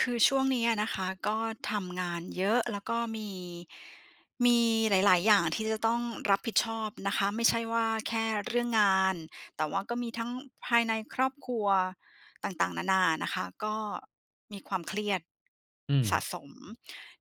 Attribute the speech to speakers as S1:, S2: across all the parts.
S1: คือช่วงนี้อะนะคะ ก็ทำงานเยอะ แล้วก็มี มีหลาย ๆ อย่าง ที่จะต้องรับผิดชอบนะคะ ไม่ใช่ว่าแค่เรื่องงาน แต่ว่าก็มีทั้งภายในครอบครัวต่าง ๆ นา ๆ นะคะ ก็มีความเครียด
S2: อื
S1: สะ
S2: ม
S1: สม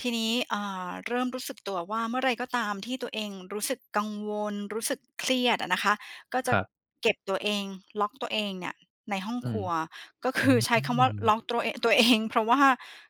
S1: ทีนี้ เอ่อ เริ่มรู้สึกตัวว่า เมื่อไรก็ตามที่ตัวเองรู้สึกกังวล รู้สึกเครียดอะนะคะ ก็จ
S2: ค
S1: ะ
S2: รับ
S1: เก็บตัวเอง ล็อกตัวเองเนี่ยในห้อง
S2: อื
S1: คร
S2: ม
S1: ัว ก็ ค
S2: อื
S1: ือ ใช้คำว่าล
S2: ม
S1: ็อกตรัวเอ ตัว เอง เพราะว่า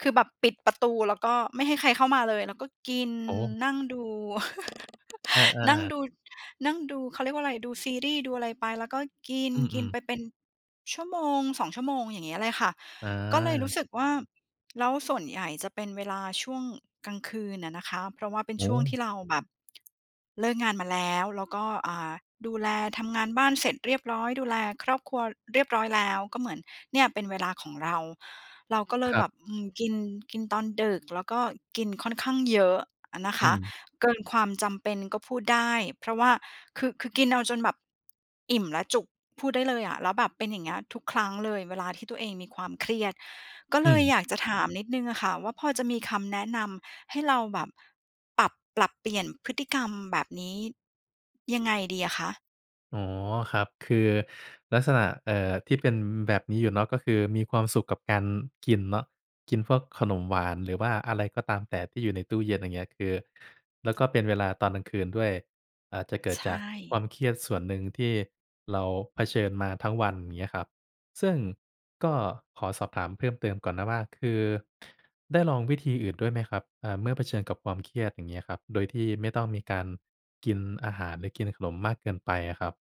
S1: คือแบบปิดประตูแล้วก็ไม่ให้ใครเข้ามาเลย แล้วก็กิน
S2: โอ้
S1: นั่งดู
S2: อ
S1: นั่ง
S2: า ๆ
S1: ดู นั่งดู เขาเรียกว่าอะไร ดูซีรีส์ ดูอะไรไปแล้วก็กิน
S2: อื
S1: กิน
S2: ม
S1: ไ
S2: ๆ
S1: ปเป็นชั่วโมง 2 ชั่วโมงอย่างเงี้ยเลยค่ะ
S2: อ
S1: ก็เลยรู
S2: า
S1: ้สึกว่า แล้วส่วนใหญ่จะเป็นเวลาช่วงกลางคืนอะนะคะ เพราะว่าเป็น
S2: โอ้
S1: ช่ว
S2: โ
S1: ง
S2: ฮ
S1: ที่เราแบบ เลิกงานมาแล้ว แล้วก็ อ่า ดูแลทำงานบ้านเสร็จเรียบร้อย ดูแลครอบครัวเรียบร้อยแล้ว ก็เหมือนเนี่ยเป็นเวลาของเรา เราก็เล
S2: ค
S1: ย
S2: รั
S1: แบ
S2: บ
S1: บ อืม กิน กินตอนดึก แล้วก็กินค่อนข้างเยอะอะนะค
S2: อื
S1: ะ
S2: ม
S1: เกินความจำเป็นก็พูดได้ เพราะว่าคือ คือกินเอาจนแบบอิ่มแล้วจุก พูดได้เลยอะ แล้วแบบเป็นอย่างเงี้ยทุกครั้งเลย เวลาที่ตัวเองมีความเครียด ก็
S2: อ
S1: เ
S2: ื
S1: ลย
S2: ม
S1: อยากจะถามนิดหนึ่งอะค่ะ ว่าพอจะมีคำแนะนำให้เราแบบ ปรับ ปรับเปลี่ยนพฤติกรรมแบบนี้ ยังไงดีอะคะ?
S2: อ๋อ ครับ คือลักษณะ เอ่อ ที่เป็นแบบนี้อยู่เนาะ ก็คือมีความสุขกับการกินเนาะ กินพวกขนมหวาน หรือว่าอะไรก็ตามแต่ที่อยู่ในตู้เย็นอย่างเงี้ย คือ แล้วก็เป็นเวลาตอนกลางคืนด้วย อาจจะเกิ
S1: ใ
S2: ด
S1: ช
S2: จากควา
S1: ่
S2: มเครียดส่วนหนึ่งที่เราเผชิญมาทั้งวันอย่างเงี้ยครับ ซึ่งก็ขอสอบถามเพิ่มเติมก่อนนะว่า คือได้ลองวิธีอื่นด้วยไหมครับ อ่า เมื่อเผชิญกับความเครียดอย่างเงี้ยครับ โดยที่ไม่ต้องมีการกินอาหาร หรือกินขนมมากเกินไปอะครับ?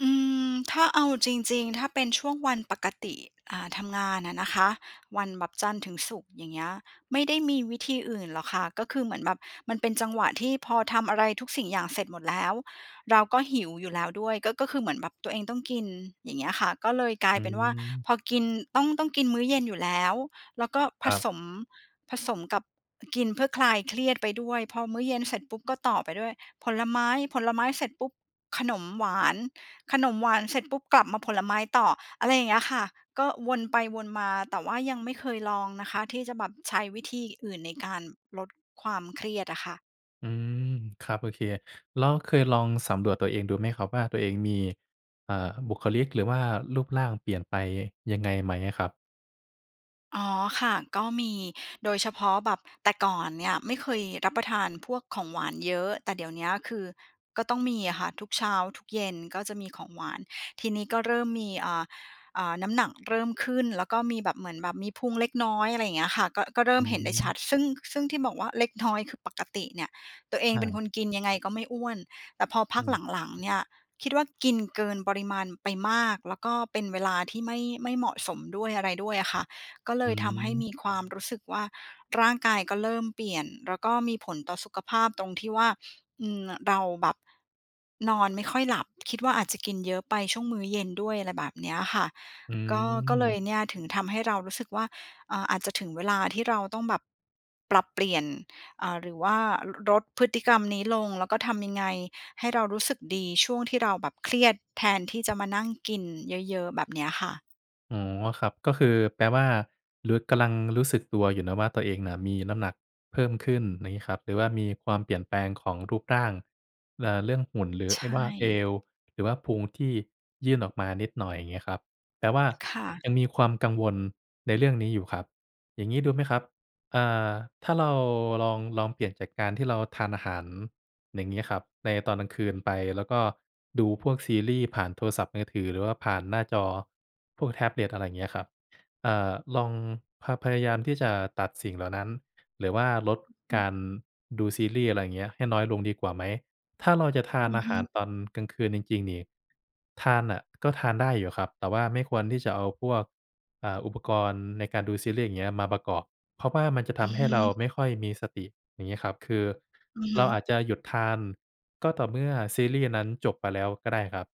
S1: อืม ถ้าเอาจริง ๆ ถ้าเป็นช่วงวันปกติ อ่า ทำงานอะนะคะ วันแบบจันทร์ถึงศุกร์อย่างเงี้ย ไม่ได้มีวิธีอื่นหรอกคะ ก็คือเหมือนแบบมันเป็นจังหวะที่พอทำอะไรทุกสิ่งอย่างเสร็จหมดแล้ว เราก็หิวอยู่แล้วด้วย ก็ ก็คือเหมือนแบบตัวเองต้องกินอย่างเงี้ยค่ะ ก็เลยกลา
S2: อ
S1: ย
S2: ื
S1: เป็นว่า
S2: ม
S1: พอกินต้อง ต้องกินมื้อเย็นอยู่แล้ว แล้วก็ผ
S2: ครับ
S1: สม ผสมกับกินเพื่อคลายเครียดไปด้วย พอมื้อเย็นเสร็จปุ๊บก็ต่อไปด้วยผลไม้ ผลไม้เสร็จปุ๊บ ขนมหวาน ขนมหวานเสร็จปุ๊บกลับมาผลไม้ต่อ อะไรอย่างเงี้ยค่ะ ก็วนไปวนมา แต่ว่ายังไม่เคยลองนะคะ ที่จะแบบใช้วิธีอื่นในการลดความเครียดอะค่ะ
S2: อืม ครับ โอเค แล้วเคยลองสำรวจตัวเองดูไหมครับว่า ตัวเองมี เอ่อ บุคลิก หรือว่ารูปร่างเปลี่ยนไปยังไงไหมอะครับ?
S1: อ๋อ ค่ะ ก็มีโดยเฉพาะแบบ แต่ก่อนเนี่ย ไม่เคยรับประทานพวกของหวานเยอะ แต่เดี๋ยวเนี้ยคือ ก็ต้องมีอะค่ะทุกเช้าทุกเย็นก็จะมีของหวาน ทีนี้ก็เริ่มมี อ่า อ่า น้ำหนักเริ่มขึ้นแล้วก็มีแบบ เหมือนแบบมีพุงเล็กน้อย อะไรอย่างเงี้ยค่ะ ก็ ก็เริ่
S2: อื
S1: มเห็นได้ ชั
S2: ม
S1: ด ซึ่ง ซึ่งที่บอกว่า เล็กน้อย คือปกติเนี่ยตัวเอง
S2: อ
S1: เป็นค
S2: า
S1: นกินยังไงก็ไม่อ้วน แต่พอพ
S2: อ
S1: ั
S2: ื
S1: ก
S2: ม
S1: หลัง ๆ เนี่ยนคิดว่า กินเกินปริมาณไปมาก แล้วก็เป็นเวลาที่ไม่ ไม่เหมาะสมด้วย อะไรด้วยอะค่ะ ก็เล
S2: อื
S1: ยทำให้ม
S2: ม
S1: ีความรู้สึกว่า ร่างกายก็เริ่มเปลี่ยน แล้วก็มีผลต่อสุขภาพตรงที่ว่า อืม เราแบบนอนไม่ค่อยหลับคิดว่า อาจจะกินเยอะไปช่วงมื้อเย็นด้วย อะไรแบบเนี้ยค่ะ
S2: อื
S1: ก็ ก็เลย
S2: ม
S1: เนี่ย ถึงทำให้เรารู้สึกว่า อ่า อาจจะถึงเวลาที่เราต้องแบบปรับเปลี่ยน เอ่อ หรือว่า ล ลดพฤติกรรมนี้ลง แล้วก็ทำยังไงให้เรารู้สึกดีช่วงที่เราแบบเครียดแทนที่จะมานั่งกินเยอะ ๆ แบบเนี้ยค่ะ
S2: อ๋อ ครับ ก็คือแปลว่ารู้ กำลังรู้สึกตัวอยู่นะว่า ตัวเองน่ะมีน้ำหนักเพิ่มขึ้น อย่างนี้ครับ หรือว่ามีความเปลี่ยนแปลงของรูปร่าง เอ่อ เรื่องหุ่น หรือ
S1: ใช
S2: ไอ้ว่าเอ
S1: ่
S2: ว หรือว่าพุงที่ยื่นออกมานิดหน่อย อย่างนี้ครับ แปลว่า
S1: ค่ะ
S2: ยังมีความกังวลในเรื่องนี้อยู่ครับ อย่างนี้ดูไหมครับ? อ่า ถ้าเราลอง ลองเปลี่ยนจากการที่เราทานอาหาร อย่างนี้ครับ ในตอนกลางคืนไป แล้วก็ดูพวกซีรีส์ผ่านโทรศัพท์มือถือ หรือว่าผ่านหน้าจอพวกแท็บเล็ต อะไรอย่างเงี้ยครับ อ่า ลอง พ พยายามที่จะตัดสิ่งเหล่านั้น หรือว่าลด
S1: อือฮ
S2: ก
S1: ึ
S2: ารดูซีรีส์ อะไรเงี้ย ให้น้อยลงดีกว่าไหม? ถ้าเราจะทา
S1: อ
S2: น
S1: ือ
S2: อา
S1: ฮ
S2: หา
S1: ึ
S2: รตอนกลางคืนจริง ๆ นี่ ทานน่ะก็ทานได้อยู่ครับ แต่ว่าไม่ควรที่จะเอาพวก อ่า อุปกรณ์ในการดูซีรีส์ อย่างเงี้ย มาประกอบ เพราะว่ามันจะ
S1: อ
S2: ท
S1: ือ
S2: ำให
S1: ฮ
S2: ้เรา
S1: ึ
S2: ไม่ค่อยมีสติ อย่างงี้ครับ คือ
S1: อือฮ
S2: เร
S1: ึ
S2: าอาจจะหยุดทาน ก็ต่อเมื่อซีรีส์นั้นจบไปแล้วก็ได้ครับ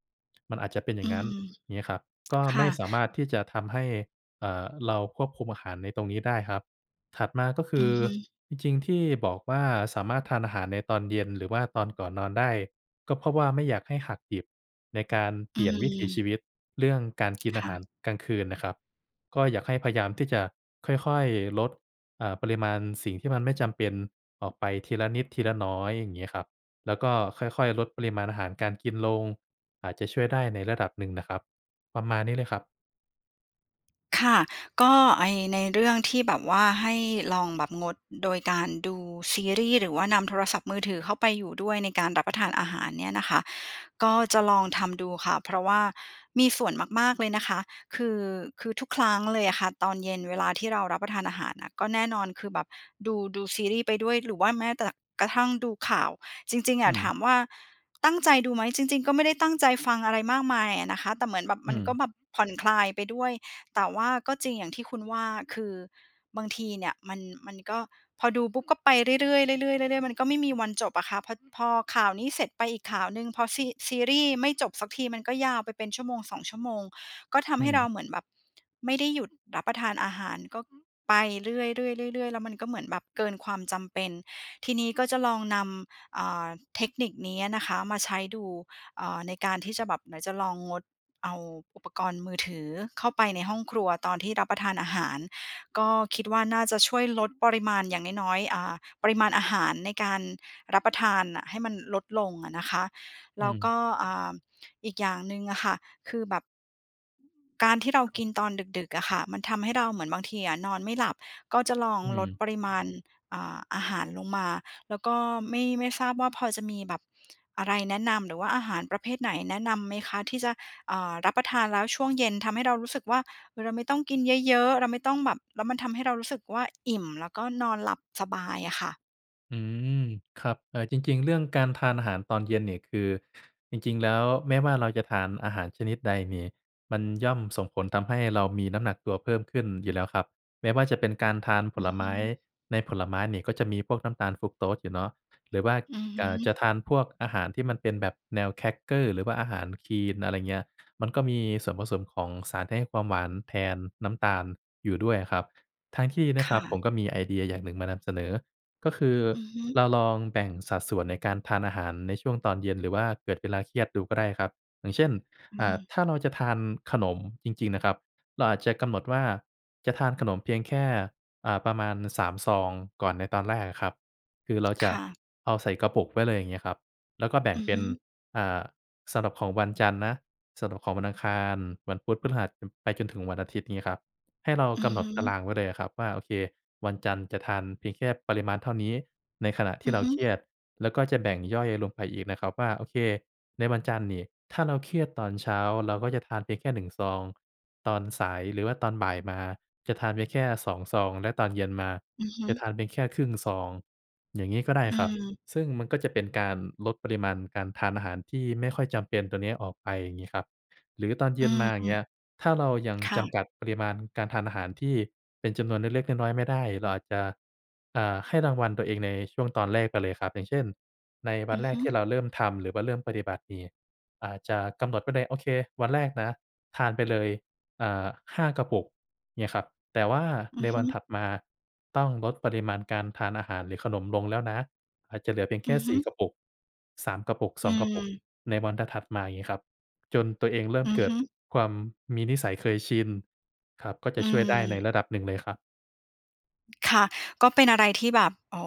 S2: มันอาจจะเป็นอย
S1: อ
S2: ่
S1: ื
S2: างงั้น
S1: ม
S2: อย่างงี้ครับ ก็
S1: ค
S2: ไ
S1: ่
S2: ม่
S1: ะ
S2: สามารถที่จะทำให้ เอ่อ เราควบคุมอาหารในตรงนี้ได้ครับ ถัดมาก็ค
S1: อ
S2: ื
S1: ื
S2: อ
S1: อฮึ
S2: จริง ๆ ที่บอกว่า สามารถทานอาหารในตอนเย็น หรือว่าตอนก่อนนอนได้ ก็เพราะว่าไม่อยากให้หักดิบ ในการ
S1: อ
S2: เ
S1: ื
S2: ปลี่ยนวิถีช
S1: ม
S2: ีวิตเรื่องการกิน
S1: ค
S2: อา
S1: ่
S2: หา
S1: ะ
S2: รกลางคืนนะครับ ก็อยากให้พยายามที่จะค่อย ๆ ลด อ่า ปริมาณสิ่งที่มันไม่จำเป็นออกไปทีละนิดทีละน้อย อย่างงี้ครับ แล้วก็ค่อย ๆ ลดปริมาณอาหารการกินลง อาจจะช่วยได้ในระดับหนึ่งนะครับ ประมาณนี้เลยครับ
S1: ค่ะ ก็ไอ้ ในเรื่องที่แบบว่าให้ลองแบบงดโดยการดูซีรีส์ หรือว่านำโทรศัพท์มือถือเข้าไปอยู่ด้วย ในการรับประทานอาหารเนี่ยนะคะ ก็จะลองทำดูค่ะ เพราะว่ามีส่วนมาก ๆ เลยนะคะ คือ คือทุกครั้งเลยอะค่ะ ตอนเย็นเวลาที่เรารับประทานอาหารน่ะ ก็แน่นอนคือแบบดู ดูซีรีส์ไปด้วยหรือว่าแม้แต่ ก กระทั่งดูข่าว จริง ๆ อ
S2: อื
S1: ะ ถ
S2: ม
S1: ามว่าตั้งใจดูไหม? จริง ๆ ก็ไม่ได้ตั้งใจฟังอะไรมากมายอะนะคะ แต่เหมือนแบบ
S2: อื
S1: มันก็
S2: ม
S1: แบบผ่อนคลายไปด้วย แต่ว่าก็จริงอย่างที่คุณว่า คือบางทีเนี่ยมัน มันก็ พอดูปุ๊บ ก็ไปเรื่อย ๆ ๆ ๆ ๆ ๆ มันก็ไม่มีวันจบอะค่ะ พ พอข่าวนี้เสร็จไปอีกข่าวหนึ่ง พอซี ซีรีส์ไม่จบสักที มันก็ยาวไปเป็น 1-2 ชั่วโมง ก็ท
S2: อ
S1: ำ
S2: ื
S1: ให้เรา
S2: ม
S1: เหมือนแบบไม่ได้หยุดรับประทานอาหาร ก็ไปเรื่อย ๆ ๆ ๆ แล้วมันก็เหมือนแบบเกินความจำเป็น ทีนี้ก็จะลองนำ อ่า เทคนิคนี้อะนะคะมาใช้ดู อ่า ในการที่จะแบบ ไหนจะลองงดเอาอุปกรณ์มือถือเข้าไปในห้องครัวตอนที่รับประทานอาหาร ก็คิดว่า น่าจะช่วยลดปริมาณ อย่างน้อย ๆ อ่า ปริมาณอาหารในการรับประทานน่ะให้มันลดลงอะนะคะ แ
S2: อ
S1: ล
S2: ื
S1: ้วก
S2: ม
S1: ็ อ่า อีกอย่างหนึ่งอะค่ะ คือแบบ การที่เรา
S2: คร
S1: ก
S2: ับ
S1: ินตอนดึก ๆ อะค่ะ มันทำให้เราเหมือนบางทีอะนอนไม่หลับ ก็จะลอง
S2: อื
S1: ลด
S2: ม
S1: ปริมาณ อ่า อาหารลงมา แล้วก็ไม่ ไม่ทราบว่าพอจะมีแบบอะไรแนะนำ หรือว่าอาหารประเภทไหนแนะนำไหมคะ ที่จะ อ่า รับประทานแล้วช่วงเย็นทำให้เรารู้สึกว่า เราไม่ต้องกินเยอะ ๆ เราไม่ต้องแบบ แล้วมันทำให้เรารู้สึกว่า อิ่มแล้วก็นอนหลับสบายอะค่ะ?
S2: อืม ครับ เออ จริง ๆ เรื่องการทานอาหารตอนเย็นนี่ คือจริง ๆ แล้วแม้ว่าเราจะทานอาหารชนิดใดนี่ มันย่อมส่งผลทำให้เรามีน้ำหนักตัวเพิ่มขึ้นอยู่แล้วครับ แม้ว่าจะเป็นการทานผ
S1: อื
S2: ล
S1: อฮ
S2: ไม้
S1: ึ
S2: ในผลไม้นี่ก็จะมีพวกน้ำตาลฟรักโทสอยู่เนาะ หรือว่า
S1: อือฮ
S2: ก่า
S1: ึ
S2: จะทานพวกอาหารที่มันเป็นแบบแนวแครกเกอร์หรือว่าอาหารคลีน อะไรเงี้ย มันก็มีส่วนผสมของสารที่ให้ความหวานแทนน้ำตาลอยู่ด้วยอะครับ ทั้งที่น
S1: ค
S2: ะคร
S1: ่
S2: ับ ผ
S1: ะ
S2: มก็มีไอเดียอย่างหนึ่งมานำเสนอ ก็คือ
S1: อือฮึ
S2: เราลองแบ่งสัดส่วนในการทานอาหารในช่วงตอนเย็น หรือว่าเกิดเวลาเครียดดูก็ได้ครับ อย่างเช่น
S1: อื
S2: อ่า
S1: ม
S2: ถ้าเราจะทานขนมจริง ๆ นะครับ เราอาจจะกำหนดว่า จะทานขนมเพียงแค่ อ่า ประมาณ 3 ซองก่อนในตอนแรกอะครับ คือเราจ
S1: ค
S2: ะ
S1: ่ะ
S2: เอาใส่กระปุกไว้เลย อย่างเงี้ยครับ แล้วก็แบ่
S1: อื
S2: ง
S1: อ
S2: เป
S1: ฮ
S2: ็น
S1: ึ
S2: อ่า สำหรับของวันจันทร์นะ สำหรับของวันอังคาร วันพุธ พฤหัส ไปจนถึงวันอาทิตย์งี้ครับ ให้เรา
S1: อื
S2: ก
S1: อ
S2: ำหน
S1: ฮ
S2: ดตา
S1: ึ
S2: รางไว้เลยอะครับว่า โอเค วันจันทร์จะทานเพียงแค่ปริมาณเท่านี้ ในขณะท
S1: อ
S2: ี
S1: ื
S2: ่
S1: อ
S2: เร
S1: ฮ
S2: า
S1: ึ
S2: เครียด แล้วก็จะแบ่งย่อยลงไปอีกนะครับว่า โอเค ในวันจันทร์นี่ ถ้าเราเครียดตอนเช้าเราก็จะทานเพียงแค่ 1 ซอง ตอนสายหรือว่าตอนบ่ายมาจะทานได้แค่ 2 ซอง และตอนเย็นมา
S1: อือฮ
S2: จะ
S1: ึ
S2: ทานเพียงแค่ครึ่งซอง อย่างงี้ก็ได
S1: อ
S2: ้
S1: ื
S2: ครับ
S1: ม
S2: ซึ่งมันก็จะเป็นการลดปริมาณการทานอาหารที่ไม่ค่อยจำเป็นตัวเนี้ยออกไป อย่างงี้ครับ หรือตอนเย
S1: อื
S2: ็นมา อย่างเง
S1: ม
S2: ี้ย ถ้าเรายัง
S1: ค่
S2: จ
S1: ะ
S2: ำกัดปริมาณการทานอาหารที่เป็นจำนวนเล็ก ๆ น้อย ๆ ไม่ได้ เราอาจจะ อ่า ให้รางวัลตัวเองในช่วงตอนแรกไปเลยครับ อย่างเช่น ในว
S1: อ
S2: ั
S1: ื
S2: น
S1: อ
S2: แร
S1: ฮ
S2: ก
S1: ึ
S2: ที่เราเริ่มทำ หรือว่าเริ่มปฏิบัตินี่ อาจจะกำหนดไว้เลย โอเค วันแรกนะ ทานไปเลย อ่า 5 กระปุก เงี้ยครับ แต่ว่า
S1: อื
S2: ใ
S1: อ
S2: น
S1: ฮ
S2: วันถ
S1: ึ
S2: ัดมาต้องลดปริมาณการทานอาหารหรือขนมลงแล้วนะ อาจจะเหลือเพียง
S1: อ
S2: แค
S1: ื
S2: ่
S1: อฮ
S2: ส
S1: ึ
S2: ี่ กระปุก 3 กระปุก
S1: อ
S2: ส
S1: ื
S2: อง กระปุก
S1: ม
S2: ในวันถัด ๆ มา อย่างงี้ครับ จนตัวเองเริ่
S1: อื
S2: ม
S1: อ
S2: เกิ
S1: ฮ
S2: ด
S1: ึ
S2: ความมีนิสัยเคยชินครับ ก็จ
S1: อื
S2: ะช่วยได้ใน
S1: ม
S2: ระดับหนึ่งเลยครับ
S1: ค่ะ ก็เป็นอะไรที่แบบ อ๋อ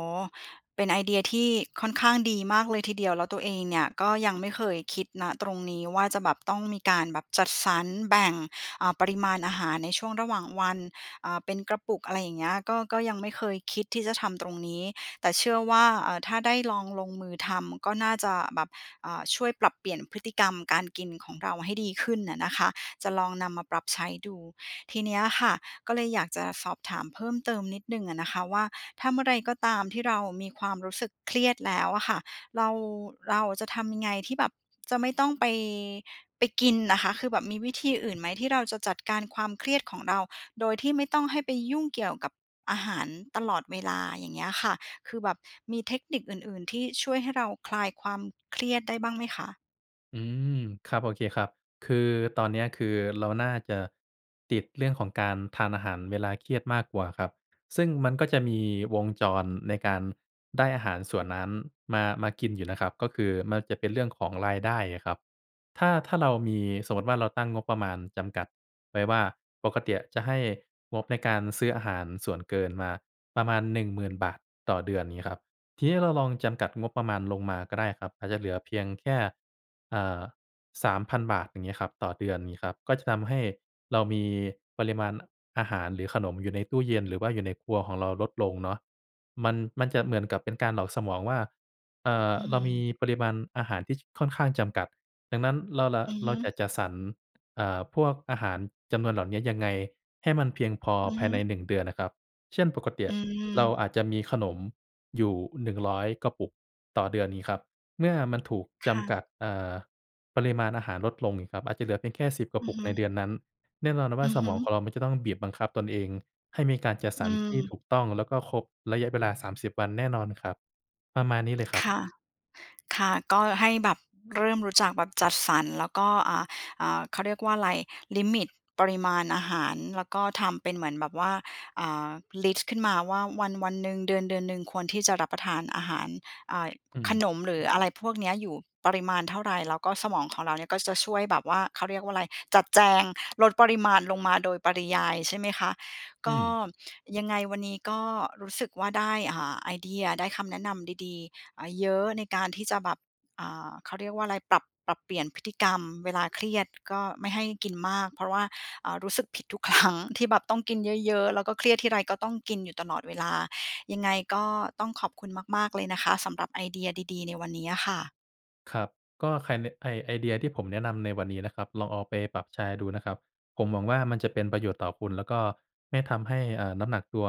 S1: เป็นไอเดียที่ค่อนข้างดีมากเลยทีเดียว แล้วตัวเองเนี่ยก็ยังไม่เคยคิด ณ ตรงนี้ว่า จะแบบต้องมีการแบบจัดสรรแบ่ง อ่า ปริมาณอาหารในช่วงระหว่างวัน อ่า เป็นกระปุก อะไรอย่างเงี้ย ก็ ก็ยังไม่เคยคิดที่จะทำตรงนี้ แต่เชื่อว่า เอ่อ ถ้าได้ลองลงมือทำก็น่าจะแบบ อ่า ช่วยปรับเปลี่ยนพฤติกรรมการกินของเราให้ดีขึ้นอะนะคะ จะลองนำมาปรับใช้ดู ทีเนี้ยค่ะ ก็เลยอยากจะสอบถามเพิ่มเติมนิดหนึ่งอะนะคะว่า ถ้าเมื่อไรก็ตามที่เรามีความรู้สึกเครียดแล้วอะค่ะ เรา เราจะทำยังไงที่แบบจะไม่ต้องไป ไปกินอะคะ คือแบบมีวิธีอื่นไหม? ที่เราจะจัดการความเครียดของเรา โดยที่ไม่ต้องให้ไปยุ่งเกี่ยวกับอาหารตลอดเวลา อย่างเงี้ยค่ะ คือแบบมีเทคนิคอื่นๆ ที่ช่วยให้เราคลายความเครียดได้บ้างไหมคะ?
S2: อืม ครับ โอเคครับ คือตอนเนี้ย คือเราน่าจะติดเรื่องของการทานอาหารเวลาเครียดมากกว่าครับ ซึ่งมันก็จะมีวงจรในการได้อาหารส่วนนั้นมา มากินอยู่นะครับ ก็คือมันจะเป็นเรื่องของรายได้อะครับ ถ้า ถ้าเรามี สมมุติว่า เราตั้งงบประมาณจำกัดไว้ว่า ปกติจะให้งบในการซื้ออาหารส่วนเกินมาประมาณ ฿10,000 ต่อเดือนนี้ครับ ทีนี้เราลองจำกัดงบประมาณลงมาก็ได้ครับ อาจจะเหลือเพียงแค่ อ่า ฿3,000 อย่างเงี้ยครับ ต่อเดือนงี้ครับ ก็จะทำให้เรามีปริมาณอาหาร หรือขนมอยู่ในตู้เย็น หรือว่าอยู่ในครัวของเราลดลงเนาะ มัน มันจะเหมือนกับเป็นการหลอกสมองว่า เอ่อ
S1: อื
S2: เรามี
S1: ม
S2: ปริมาณอาหารที่ ค ค่อนข้างจำกัด ดังนั้นเรา เรา
S1: อือฮ
S2: เร
S1: ึ
S2: าจะจัดสรร เอ่อ พวกอาหารจำนวนเหล่านี้ยังไงให้มันเพียงพอ
S1: อือ
S2: ภ
S1: ฮ
S2: ายใน
S1: ึ
S2: 1 เดือนอะครับ เช่น ปกติ
S1: อื
S2: อะเรา
S1: ม
S2: อาจจะมีขนมอยู่ 100 กระปุกต่อเดือนนี้ครับ เมื่อมันถูก
S1: ค
S2: จ
S1: ่
S2: ำก
S1: ะ
S2: ัด เอ่อ ปริมาณอาหารลดลงครับ อาจจะเหลือเพียงแค่ 10 กร
S1: อ
S2: ะ
S1: ื
S2: ป
S1: อ
S2: ุก
S1: ฮึ
S2: ในเดือนนั้น แน่นอนว่
S1: อ
S2: า
S1: ือ
S2: ส
S1: ฮ
S2: ม
S1: ึ
S2: องของเรามันจะต้องบีบบังคับตนเองให้มีการจัด
S1: อ
S2: ส
S1: ื
S2: รรที่
S1: ม
S2: ถูกต้องและครบระยะเวลา 30 วันแน่นอนครับ ประมาณนี้เลยคร
S1: ค
S2: ับ
S1: ่ะ ค่ะ ก็ให้แบบเริ่มรู้จักแบบจัดสรรแล้วก็ อ่า อ่า เขาเรียกว่าอะไร ลิมิต ปริมาณอาหารแล้วก็ทำเป็นเหมือนแบบว่า อ่า ลิสต์ขึ้นมาว่าวัน ๆ หนึ่ง เดือน ๆ หนึ่ง ควรที่จะรับประทานอาหาร อ่า
S2: อื
S1: ข
S2: ม
S1: นม หรืออะไรพวกนี้อยู่ปริมาณเท่าไร? แล้วก็สมองของเราเนี่ยก็จะช่วยแบบว่า เขาเรียกว่าอะไร จัดแจงลดปริมาณลงมาโดยปริยายใช่ไหมคะ
S2: อ
S1: ก
S2: ื
S1: ็
S2: ม
S1: ยังไงวันนี้ก็รู้สึกว่า ได้ อ่า ไอเดีย ได้คำแนะนำดี ๆ เยอะในการที่จะแบบ อ่า เขาเรียกว่าอะไร ปรับ ปรับเปลี่ยนพฤติกรรมเวลาเครียดก็ไม่ให้กินมากเพราะว่า อ่า รู้สึกผิดทุก ครั้ง ที่แบบต้องกินเยอะ ๆ แล้วก็เครียดที่ไรก็ต้องกินอยู่ตลอดเวลา ยังไงก็ต้องขอบคุณมาก ๆ เลยนะคะ สำหรับไอเดียดี ๆ ในวันนี้อะค่ะ
S2: ครับ ก็ไค ไอ ไอเดียที่ผมแนะนำในวันนี้นะครับ ลองเอาไปปรับใช้ดูนะครับ ผมหวังว่า มันจะเป็นประโยชน์ต่อคุณ แล้วก็ไม่ทำให้ เอ่อ น้ำหนักตัว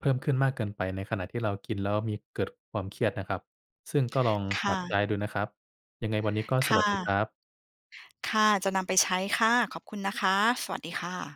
S2: เพิ่มขึ้นมากเกินไป ในขณะที่เรากินแล้วมี เกิดความเครียดนะครับ ซึ่งก็ลอง
S1: ค
S2: ป
S1: ่
S2: รับใช
S1: ะ
S2: ้ดูนะครับ ยังไงวันนี้ก็
S1: ค
S2: ส
S1: ่
S2: วัสดีคร
S1: ะ
S2: ับ
S1: ค่ะ จะนำไปใช้ค่ะ ขอบคุณนะคะ สวัสดีค่ะ